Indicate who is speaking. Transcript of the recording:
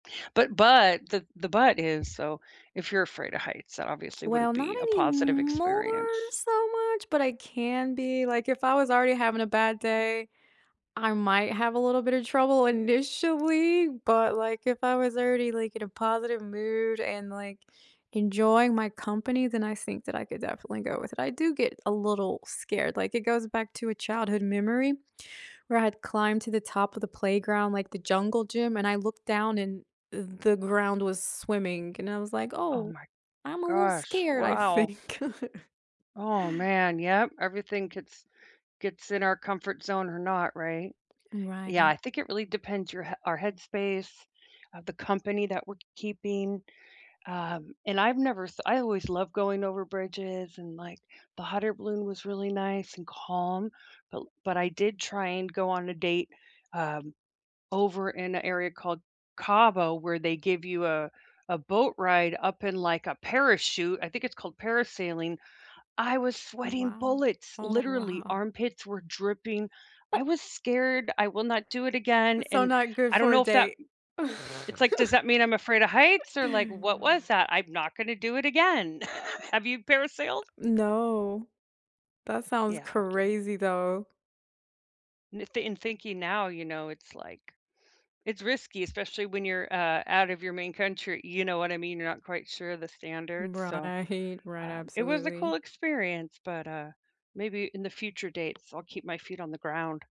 Speaker 1: But but the the but is so, if you're afraid of heights, that obviously wouldn't
Speaker 2: Well, not
Speaker 1: be a positive
Speaker 2: anymore
Speaker 1: experience.
Speaker 2: so, much, but I can be, like, if I was already having a bad day, I might have a little bit of trouble initially, but, like, if I was already, like, in a positive mood and, like, enjoying my company, then I think that I could definitely go with it, I do get a little scared, like, it goes back to a childhood memory, where I had climbed to the top of the playground, like, the jungle gym, and I looked down, and, uh, the ground was swimming and I was, like,
Speaker 1: Oh
Speaker 2: "Oh,
Speaker 1: my
Speaker 2: I'm a little
Speaker 1: gosh,
Speaker 2: scared, I
Speaker 1: wow.
Speaker 2: think."
Speaker 1: Oh man, yep, everything gets gets in our comfort zone or not, right? Yeah,
Speaker 2: Right.
Speaker 1: I think it really depends your h our headspace, of the company that we're keeping. Um, and I've never s I always loved going over bridges and, like, the hot air balloon was really nice and calm. But l but I did try and go on a date, um, over in a area called Cabo where they give you a a boat ride up in, like, a parachute, I think it's called parasailing. I was sweating
Speaker 2: Wow.
Speaker 1: bullets,
Speaker 2: Oh
Speaker 1: literally,
Speaker 2: wow.
Speaker 1: armpits were dripping, I was scared; I will not do it again,
Speaker 2: So,
Speaker 1: and
Speaker 2: not good
Speaker 1: I don't
Speaker 2: for a
Speaker 1: know if that
Speaker 2: date.
Speaker 1: It's, like, does that mean I'm afraid of heights or, like, what was that? I'm not gonna do it again. Have you parasailed?
Speaker 2: No. That sounds
Speaker 1: Yeah, okay.
Speaker 2: crazy, though.
Speaker 1: N th in thinking now, you know, it's, like it's risky, especially when you're, uh, out of your main country, you know what I mean? You're not quite sure of the standards, so,
Speaker 2: Right, right,
Speaker 1: um, it was a cool
Speaker 2: absolutely.
Speaker 1: experience, but, uh, maybe in the future dates, I'll keep my feet on the ground.